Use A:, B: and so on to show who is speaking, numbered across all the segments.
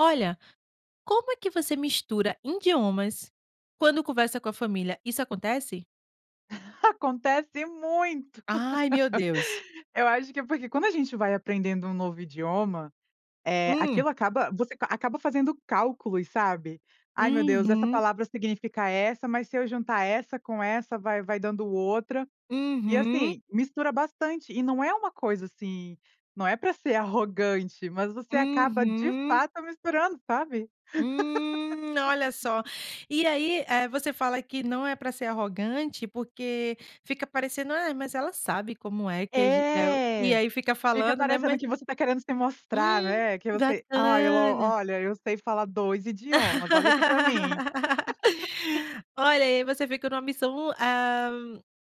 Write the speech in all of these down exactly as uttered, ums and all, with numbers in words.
A: Olha, como é que você mistura indiomas quando conversa com a família, isso acontece?
B: Acontece muito.
A: Ai, meu Deus.
B: Eu acho que é porque, quando a gente vai aprendendo um novo idioma, eh,
A: Hum.
B: aquilo acaba você qua acaba fazendo cálculos, sabe? "Ai, meu Deus, essa
A: Uhum.
B: palavra significa essa, mas, se eu juntar essa com essa, vai vai dando outra". E,
A: Uhum.
B: assim, mistura bastante, e não é uma coisa, assim, não é pra ser arrogante, mas você acaba, de
A: Uhum.
B: fato, misturando, sabe?
A: Hum. Olha só, e aí, eh, você fala que não é pra ser arrogante, porque fica parecendo, "ah, mas ela sabe como é que a ge é o", e
B: É.
A: aí fica
B: Fica
A: falando, né?
B: parecendo
A: Ma
B: que você tá querendo se mostrar,
A: Hum,
B: né? Que você: "Ai, ela
A: bacana.
B: olha, eu sei falar dois idiomas, olha aqui pra mim".
A: Olha, aí você fica numa missão, ah,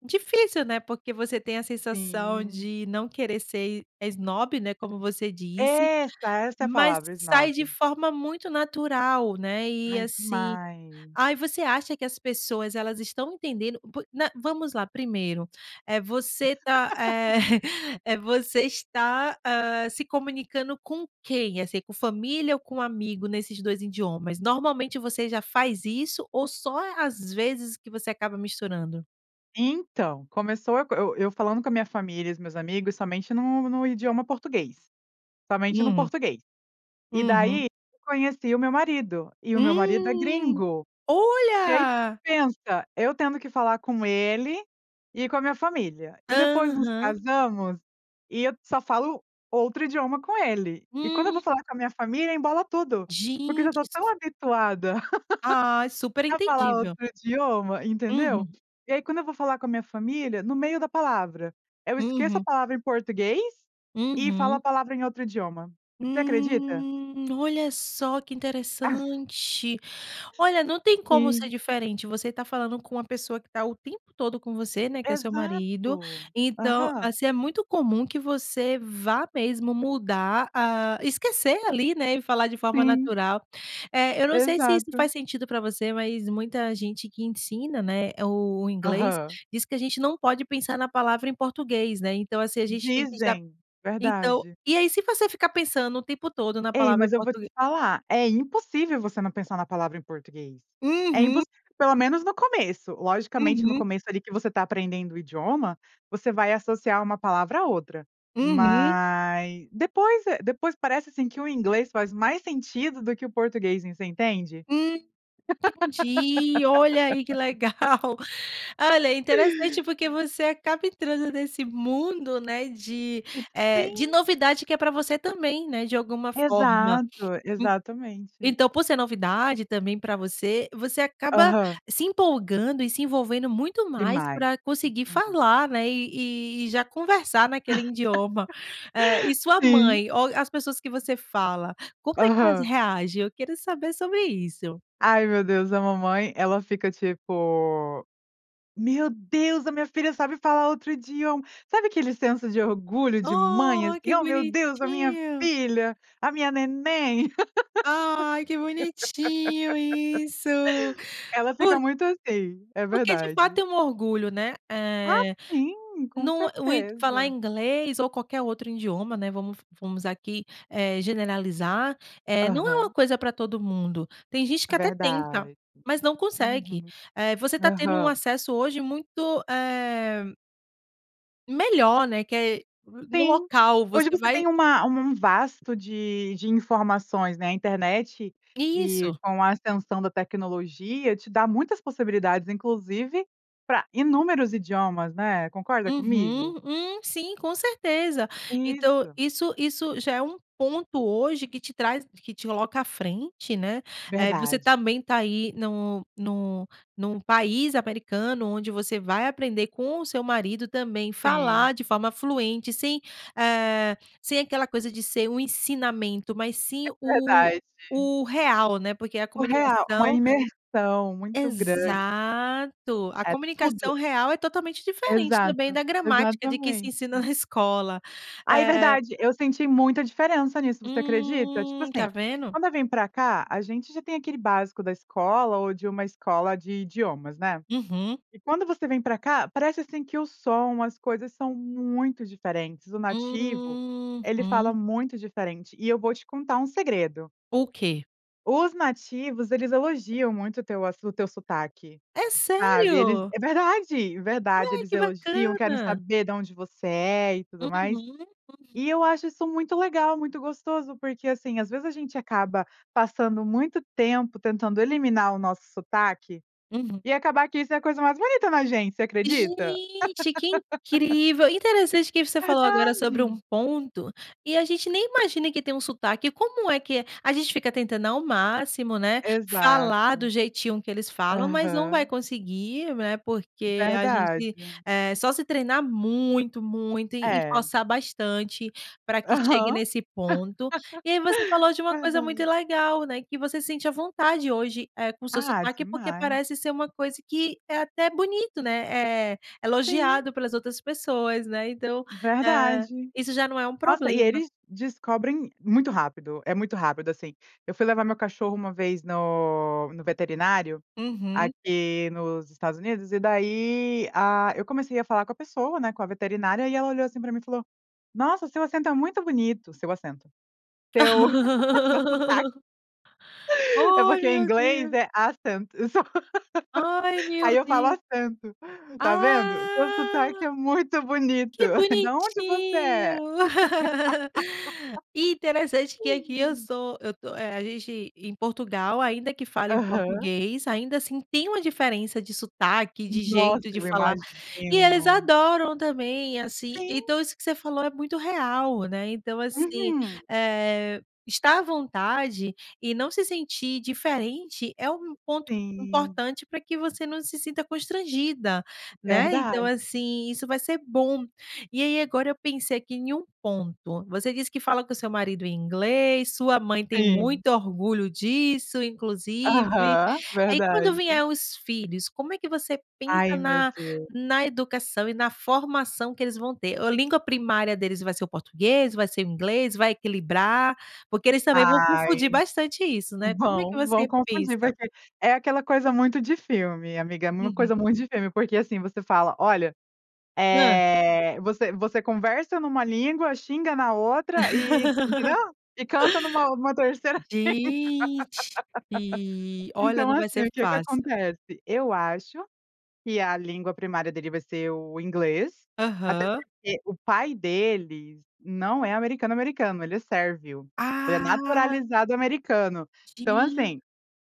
A: difícil, né? Porque você tem a sensação
B: Sim.
A: de não querer ser, eh, esnobe, né, como você disse.
B: Essa essa é a
A: Mas
B: palavra:
A: sai de
B: esnobe.
A: forma muito natural, né? E
B: Ai,
A: assim,
B: demais.
A: ah, e você acha que as pessoas, elas estão entendendo? Por não vamos lá, primeiro: eh, você tá, eh, eh, você está, ah, se comunicando com quem, assim, com família ou com amigo, nesses dois indiomas? Normalmente você já faz isso ou só às vezes que você acaba misturando?
B: Então, começou eu co eu eu falando com a minha família e os meus amigos, somente no no idioma português, somente no
A: Hum.
B: português. E
A: Uhum.
B: daí, eu conheci o meu marido, e o meu marido é
A: Hum,
B: gringo. E aí,
A: olha!
B: pensa! Eu tendo que falar com ele, e com a minha família, e depois nos
A: Aham.
B: casamos e eu só falo outro idioma com ele. E quando eu
A: Hum.
B: vou falar com a minha família, embola tudo, porque eu já
A: Gente,
B: tô tão
A: isso
B: habituada
A: Ai, super
B: a falar outro
A: entendível.
B: idioma, entendeu?
A: Uhum.
B: E aí, quando eu vou falar com a minha família, no meio da palavra, eu esqueço a
A: Uhum.
B: palavra em português e falo a
A: Uhum.
B: palavra em outro idioma. Você acredita?
A: Hum, olha só que
B: Ah.
A: interessante! Olha, não tem como ser
B: Sim.
A: diferente. Você tá falando com uma pessoa que tá o tempo todo com você, né. Que é o seu marido.
B: Exato,
A: Então
B: aham.
A: assim, é muito comum que você vá mesmo mudar, hã, esquecer ali, né. E falar de forma
B: Sim.
A: natural. É, eu não sei se isso
B: Exato.
A: faz sentido para você, mas muita gente que ensina, né, o inglês,
B: Aham.
A: diz que a gente não pode pensar na palavra em português, né. Então assim, a gente tem que usar
B: Dizem.
A: então,
B: Verdade.
A: e aí, se você ficar pensando o tempo todo na
B: Ei,
A: palavra em
B: mas eu vou
A: português
B: te falar, é impossível você não pensar na palavra em português, é
A: Uhum.
B: impossível, pelo menos no começo. Logicamente, no
A: Uhum.
B: começo, ali, que você tá aprendendo o idioma, você vai associar uma palavra a outra.
A: Uhum.
B: Mas, depois é depois parece, assim, que o inglês faz mais sentido do que o português, você entende?
A: Hum, entendi! Olha aí que legal! Olha, é interessante porque você acaba entrando nesse mundo, né. De, eh, de
B: Sim.
A: novidade que é para você também, né. De alguma forma.
B: Exato,
A: En
B: exatamente.
A: então, por ser novidade, também para você, você acaba
B: Aham.
A: se empolgando e se envolvendo muito mais
B: Demais.
A: para conseguir
B: [unintelligible]
A: falar, né. E e e já conversar naquele idioma. Eh, e sua
B: Sim.
A: mãe ou as pessoas que você fala, como é que elas
B: Aham.
A: reagem? Eu quero saber sobre isso.
B: Ai, meu Deus! A mamãe, ela fica tipo: "Meu Deus! A minha filha sabe falar outro idioma." Sabe aquele senso de orgulho de mãe?
A: Oh,
B: Assim:
A: que
B: "Oh, meu Deus. A minha
A: bonitinho!
B: filha, a minha neném."
A: Ai, que bonitinho isso!
B: Ela fica
A: Por
B: muito assim, é
A: porque, de fato,
B: verdade.
A: é um orgulho, né.
B: Ah,
A: Eh,
B: sim. Com
A: não o idi falar
B: certeza.
A: inglês ou qualquer outro idioma, né. Vamos vamos aqui, eh, generalizar. Eh, não é uma
B: Aham.
A: coisa pra todo mundo. Tem gente que até tenta,
B: Verdade.
A: mas não consegue.
B: Uhum.
A: Eh, você tá tendo um
B: Aham.
A: acesso hoje muito, eh Melhor, né, que é n no
B: Sim,
A: local
B: hoje
A: você
B: você
A: vai
B: tem uma um um vasto de de informações na internet e
A: Isso.
B: com a ascensão da tecnologia te dá muitas possibilidades, inclusive pra inúmeros idiomas, né? Concorda comigo?
A: Uhum, hum, sim, com certeza. Então,
B: Isso.
A: isso isso já é um ponto hoje que te traz que te coloca à frente, né? Eh, que você
B: Verdade.
A: também tá aí, nu nu num país americano, onde você vai aprender com o seu marido também
B: Sim.
A: falar de forma fluente, sem, eh, sem aquela coisa de ser um ensinamento, mas
B: É
A: sim o
B: verdade.
A: o real, né? Porque a
B: O real, uma
A: comunicação
B: imersão muito grande.
A: Exato! A
B: É tudo!
A: comunicação real é totalmente diferente também
B: Exato.
A: da gramática de que se ensina
B: Exatamente.
A: na escola
B: Ai,
A: eh
B: verdade. Eu senti muita diferença nisso, você acredita? Tipo
A: Hum, tá
B: assim,
A: vendo?
B: quando eu vim pra cá a gente já tem aquele básico da escola ou de uma escola de idiomas, né?
A: Uhum.
B: E quando você vem pra cá, parece assim que o som, as coisas são muito diferentes, o nativo, ele fala
A: Uhum.
B: muito diferente e eu vou te contar um segredo.
A: O quê?
B: Os nativos, eles elogiam muito o teu assu o teu sotaque,
A: É
B: sabe. Eles
A: sério?
B: É verdade, verdade,
A: Ai
B: eles
A: que
B: elogiam, querem
A: bacana.
B: saber da onde você é e tudo mais.
A: Uhum, uhum.
B: E eu acho isso muito legal, muito gostoso, porque assim, às vezes a gente acaba passando muito tempo tentando eliminar o nosso sotaque
A: Uhum.
B: e acabar que isso é a coisa mais bonita na gente, você acredita?
A: Gente, que incrível, interessante o que você falou agora sobre um
B: Verdade.
A: ponto e a gente nem imagina que tem um sotaque. Como é que é a gente fica tentando ao máximo, né,
B: Exato.
A: falar do jeitinho que eles falam, mas não vai
B: Aham.
A: conseguir, né, porque a gente
B: Verdade.
A: é só se treinar muito muito e
B: É.
A: esforçar bastante para que chegue
B: Aham.
A: nesse ponto. E aí você falou de uma coisa muito
B: Verdade.
A: legal, né? Que você sente à vontade hoje, eh, com o seu
B: Ah,
A: sotaque, porque
B: demais.
A: parece ser uma coisa que é até bonito, né. É
B: Sim.
A: elogiado pelas outras pessoas, né. Então, eh,
B: Verdade.
A: isso já não é um
B: Nossa, e
A: problema.
B: eles descobrem muito rápido, é muito rápido, assim. Eu fui levar meu cachorro uma vez no no veterinário,
A: Uhum.
B: aqui nos Estados Unidos e daí, ah, eu comecei a falar com a pessoa, né, com a veterinária, e ela olhou assim pra mim e falou: "Nossa, seu acento é muito bonito, o seu acento." Seu seu sotaque. É
A: Ai,
B: porque em
A: meu
B: inglês
A: Deus.
B: é "accent".
A: Ai, meu
B: Aí eu falo
A: Deus.
B: "acento" tá vendo seu sotaque
A: Ah.
B: é muito bonito,
A: Que
B: da onde você é?
A: bonitinho! E interessante que aqui eu sou, eu tô eh, a gente em Portugal, ainda que fale o
B: Aham.
A: português, ainda assim, tem uma diferença de sotaque de
B: Nossa,
A: jeito de
B: eu
A: falar e eles
B: imagino.
A: adoram também,
B: É
A: assim.
B: sim.
A: Então, isso que você falou é muito real, né. Então, assim,
B: Uhum.
A: eh, estar à vontade e não se sentir diferente é um ponto
B: Sim.
A: importante pra que você não se sinta constrangida, né. Então
B: Verdade.
A: assim, isso vai ser bom. E aí, agora eu pensei aqui em um ponto, você disse que fala com o seu marido em inglês. Sua mãe tem
B: Sim.
A: muito orgulho disso inclusive,
B: Aham,
A: aí quando
B: verdade.
A: vier os filhos, como é que você pensa
B: Ai, meu
A: na
B: Deus.
A: na educação e na formação que eles vão ter, a língua primária deles vai ser o português, vai ser o inglês, vai equilibrar? Porque eles também vão confundir
B: Ai.
A: bastante isso, né. Como é que
B: Vão,
A: você
B: vão confundir,
A: pensa?
B: porque é aquela coisa muito de filme, amiga, é uma
A: Uhum.
B: coisa muito de filme, porque assim, você fala olha,
A: Hã?
B: eh, você você conversa numa língua, xinga na outra e entendeu? E canta numa numa terceira.
A: Gente, olha,
B: Então
A: não vai
B: assim, o
A: ser
B: que que
A: fácil.
B: acontece? Eu acho que a língua primária dele vai ser o inglês, até
A: Aham.
B: porque o pai dele não é americano, americano, ele é sérvio. Ele é
A: Ah.
B: naturalizado americano, então
A: Gen
B: assim,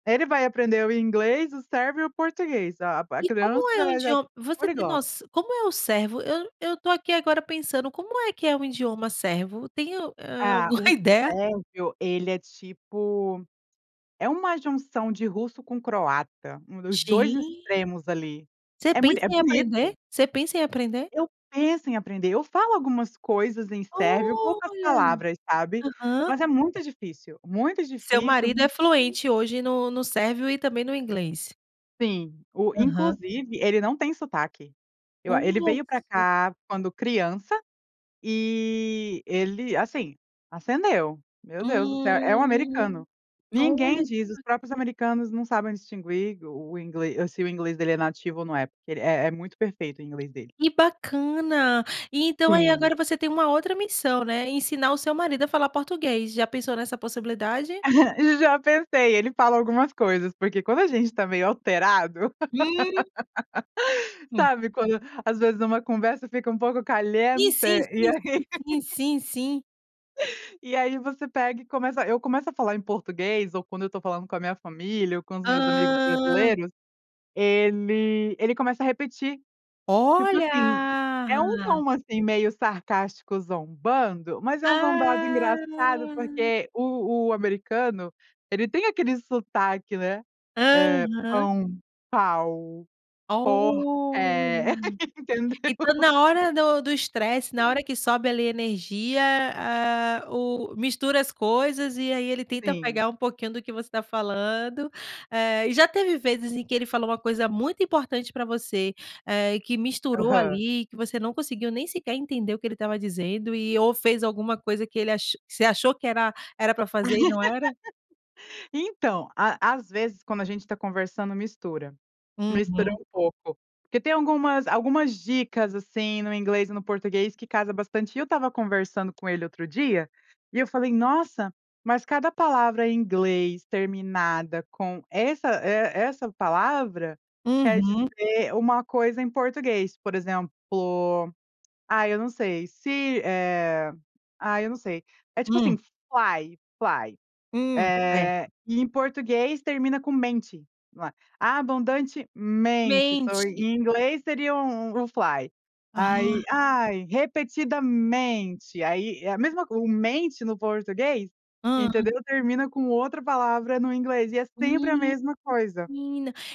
B: ele vai aprender o inglês, o sérvio e o português. A a a
A: E
B: criança
A: como
B: já
A: é o
B: é já é
A: idioma você tem
B: poliglota.
A: noção, como é o servo? Eu eu tô aqui agora pensando como é que é um idioma servo? Tem, hã,
B: Ah,
A: alguma
B: o
A: ideia?
B: Sérvio, ele é tipo, é uma junção de russo com o croata, um dos dois
A: Gen
B: extremos ali
A: Você
B: é muito
A: pensa
B: é
A: em aprender?
B: bonito.
A: Você pensa em aprender?
B: Eu penso em aprender. Eu falo algumas coisas em sérvio, poucas
A: Olha,
B: palavras, sabe,
A: aham.
B: mas é muito difícil, muito
A: Seu
B: difícil,
A: marido
B: muito
A: é
B: difiícil.
A: fluente hoje no no sérvio e também no inglês?
B: Sim, o
A: Aham.
B: inclusive, ele não tem sotaque. Eu a ele
A: Olha
B: veio pra
A: só.
B: cá quando criança e ele, assim, acendeu. Meu Deus do céu! É um
A: Hum,
B: americano. Ninguém
A: olha que
B: diz. Os
A: ba
B: próprios americanos não sabem distinguir o o inglês. Se o inglês dele é nativo ou não é, porque é é muito perfeito o inglês dele.
A: Que bacana! E então, aí,
B: Sim.
A: agora você tem uma outra missão, né? Ensinar o seu marido a falar português. Já pensou nessa possibilidade?
B: Já pensei. Ele fala algumas coisas, porque quando a gente tá meio alterado.
A: Hum. Hum.
B: Sabe quando, às vezes, uma conversa fica um pouco
A: E
B: caliente?
A: sim,
B: E
A: sim,
B: aí
A: sim, sim, sim, sim, sim.
B: E aí, você pega e começa. Eu começo a falar em português, ou quando eu tô falando com a minha família ou com os meus amigos
A: Hã.
B: brasileiros, ele ele começa a repetir. Tipo assim, é um
A: Olha.
B: tom assim meio sarcástico, zombando, mas é um zombado engraçado,
A: Ah!
B: porque o o americano, ele tem aquele sotaque, né? Eh,
A: Aham.
B: pão, pau, pó é.
A: Olha.
B: Entendeu?
A: Então, na hora do do estresse, na hora que sobe, ali, energia, ah, o mistura as coisas, e aí, ele tenta
B: Sim.
A: pegar um pouquinho do que você tá falando. Eh, e já teve vezes em que ele falou uma coisa muito importante para você, eh, e que misturou,
B: Aham.
A: ali, e que você não conseguiu nem sequer entender o que ele estava dizendo e ou fez alguma coisa que ele ach você achou que era era para fazer e não era?
B: Então, à às vezes, quando a gente tá conversando, mistura. Mistura
A: Uhum.
B: um pouco, porque tem algumas algumas dicas assim, no inglês e no português, que casa bastante. E eu estava conversando com ele outro dia, e eu falei: "Nossa, mas cada palavra em inglês terminada com essa e essa palavra, quer
A: Uhum.
B: dizer uma coisa em português. Por exemplo, ai, eu não sei. Se, eh ai, eu não sei. É tipo, assim,
A: Hum.
B: fly, fly.
A: Hum,
B: Eh,
A: certo.
B: e em português termina com mente, lá. Abundantemente, só
A: Mente.
B: em inglês seria um um fly. Aí,
A: Aham.
B: ai, repetidamente. Aí, é a mesma co o mente, no português,
A: Hã.
B: entendeu, termina com outra palavra no inglês e é sempre a
A: Menina.
B: mesma coisa.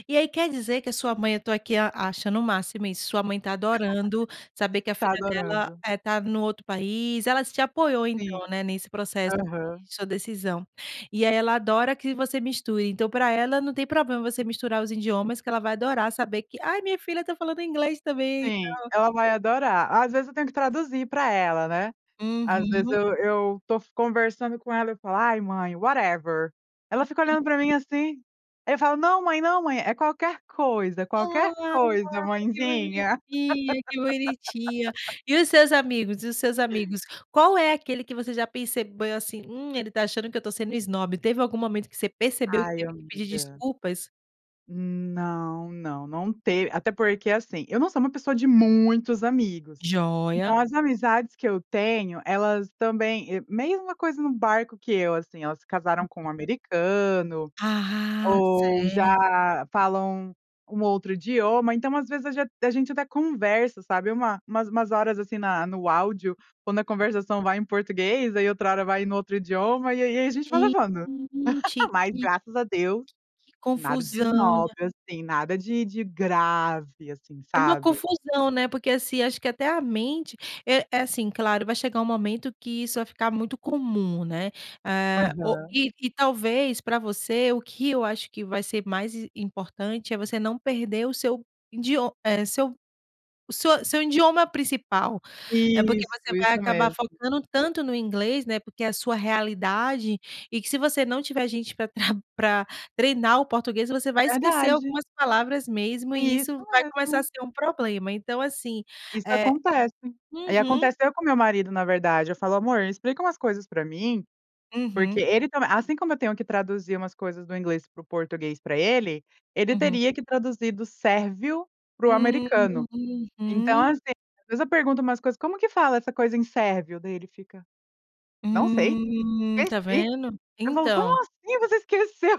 A: E aí, quer dizer que a sua mãe eu tô aqui a achando o máximo isso, sua mãe tá adorando saber que a
B: Está
A: filha dela,
B: adorando.
A: eh, tá no outro país. Ela te apoiou então,
B: Sim.
A: né. Nesse processo
B: Aham.
A: de sua decisão. E aí, ela adora que você misture. Então, pra ela, não tem problema você misturar os idiomas que ela vai adorar saber que "Aí, minha filha tá falando inglês também e
B: Sim,
A: tal".
B: ela vai adorar. Às vezes, eu tenho que traduzir para ela, né. Às vezes,
A: Uhum.
B: eu eu tô conversando com ela, eu falo: "Aí, mãe, whatever". Ela fica olhando para
A: [unintelligible]
B: mim, assim. Aí, eu falo: "Não, mãe. Não mãe. É qualquer coisa, é qualquer
A: Ai,
B: coisa,
A: que
B: mãezinha".
A: bonitinha, que bonitinha! E os seus amigos? E os seus amigos? Qual é aquele que você já percebeu, assim, hum, "Ele tá achando que eu tô sendo esnobe". Teve algum momento que você percebeu e que
B: Ai,
A: teve que pedir
B: amiga.
A: desculpas?
B: Hum, não não não te até porque, assim, eu não sou uma pessoa de muitos amigos,
A: Joia.
B: então as amizades que eu tenho, elas também, eh, mesma coisa no barco que eu assim, elas se casaram com um
A: Uhum.
B: americano
A: Ah,
B: ou
A: certo.
B: já falam um outro idioma, então, às vezes a ge a gente até conversa, sabe, uma umas umas horas, assim, na no áudio, quando a conversação vai em português, aí outra hora vai no outro idioma e aí e aí, a gente vai
A: Gente,
B: levando,
A: que
B: mas
A: que
B: graças a Deus,
A: que
B: nada de
A: confusão,
B: esnobe,
A: né?
B: assim, nada de de grave, assim,
A: É uma
B: sabe?
A: confusão, né? Porque, assim, acho que até a mente eh eh, assim, claro, vai chegar um momento que isso vai ficar muito comum, né? Eh,
B: Aham.
A: o e e talvez pra você, o que eu acho que vai ser mais i importante é você não perder o seu indiom eh, seu o seu seu indioma principal, eh, porque
B: Isso,
A: você vai
B: isso
A: acabar
B: mesmo.
A: focando tanto no inglês, né, porque é sua realidade e que se você não tiver gente pra pra treinar o português, você vai esquecer
B: Verdade.
A: algumas palavras mesmo e
B: Isso
A: isso vai começar a
B: mesmo.
A: ser um problema então, assim
B: Isso
A: é,
B: acontece. Eh, e
A: uhum.
B: aconteceu com o meu marido, na verdade, eu falo: "Amor, explica umas coisas pra mim?", porque
A: Uhum.
B: ele também assim como eu tenho que traduzir umas coisas do inglês pro português pra ele, ele
A: Uhum.
B: teria que traduzir do sérvio pro americano. Então,
A: Uhum.
B: assim, às vezes eu pergunto umas coisas: "Como que fala essa coisa em sérvio?", daí ele fica: "Não sei,
A: Hum, tá
B: esqueci".
A: vendo?
B: Eu falo:
A: Então!
B: "Como assim, você esqueceu?!".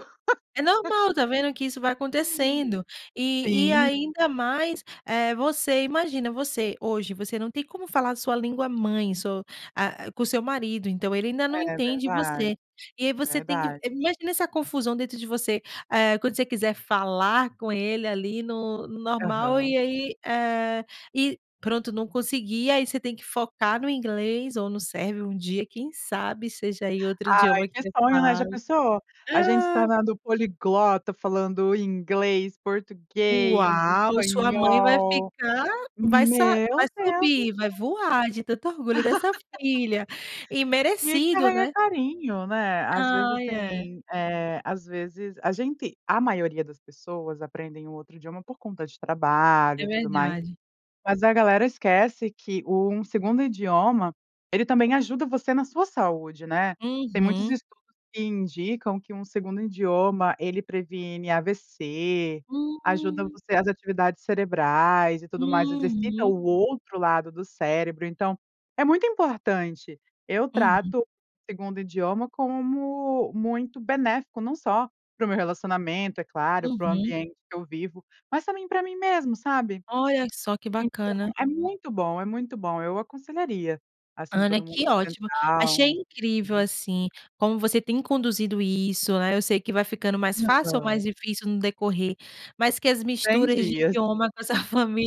A: É normal, tá vendo? Que isso vai acontecendo. E e
B: Sim.
A: ainda mais eh, você, imagina você hoje, você não tem como falar a sua língua mãe, so ah, com o seu marido, então, ele ainda não
B: É
A: entende
B: verdade,
A: você. E aí, você tem que
B: verdade.
A: eh, imagino essa confusão dentro de você, eh, quando você quiser falar com ele, ali no no normal
B: Aham.
A: e aí, eh, e pronto, não conseguir, e aí, você tem que focar no inglês ou no sérvio um dia, quem sabe seja aí, outro
B: Ai,
A: idioma que
B: que
A: você
B: sonho, né, já
A: fale?
B: pensou a gente se
A: Ah!
B: tornando poliglota, falando inglês, português,
A: Uau, sua mãe vai
B: espanhol.
A: ficar, vai sa vai
B: Meu Deus do céu!
A: subir, vai voar de tanto orgulho dessa filha e
B: Que
A: merecido,
B: carrega
A: né?
B: carinho, né? Às vezes,
A: Ai, é.
B: assim, eh, às vezes a gente, a maioria das pessoas aprendem um outro idioma por conta de trabalho
A: É
B: e tudo mais,
A: verdade.
B: mas a galera esquece que o um segundo idioma, ele também ajuda você na sua saúde, né? Tem muitos
A: Uhum.
B: estudos que indicam que um segundo idioma ele previne AVC, ajuda
A: Hum.
B: você as atividades cerebrais e tudo mais, exercita
A: Uhum.
B: o outro lado do cérebro, então, é muito importante. Eu
A: Uhum.
B: trato segundo idioma como muito benéfico, não só pro meu relacionamento, é claro, pro
A: Uhum.
B: ambiente que eu vivo, mas também pra mim mesmo, sabe?
A: Olha que só que
B: Então,
A: bacana!
B: é muito bom, é muito bom! Eu aconselharia, assim,
A: Ana,
B: todo mundo
A: que ótimo,
B: tentar
A: achei
B: um
A: incrível,
B: [unintelligible]
A: assim, como você tem conduzido isso, eh, eu sei que vai ficando mais fácil ou
B: Aham.
A: mais difícil no decorrer, mas que as
B: cem
A: misturas de
B: dias.
A: idioma na sua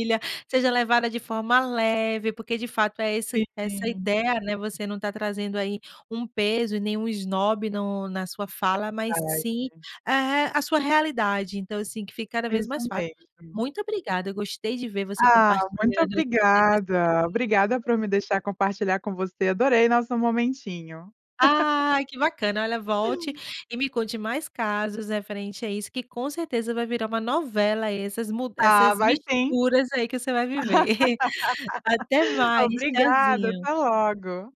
A: seja levada de forma leve, porque de fato é esse essa é a
B: Sim.
A: ideia, né? Você não está trazendo aí um peso e nenhum esnobe no na sua fala,
B: É
A: mas
B: verdade.
A: sim a re a sua realidade. Então, assim que fica cada vez
B: Isso
A: mais fácil.
B: mesmo.
A: Muito obrigada, eu gostei de ver você
B: Ah, muito
A: compartilhando essa essa experiência
B: obrigada! Obrigada
A: [unintelligible]
B: pro me deixar compartilhar com você. Adorei nosso momentinho.
A: Ah, que bacana! Olha, volte e me conte mais casos referente a isso que com certeza vai virar uma novela aí, essas mu
B: Ah,
A: essas
B: vai sim.
A: misturas, aí que você vai viver. Até mais.
B: Obrigada até
A: Tchauzinho.
B: logo.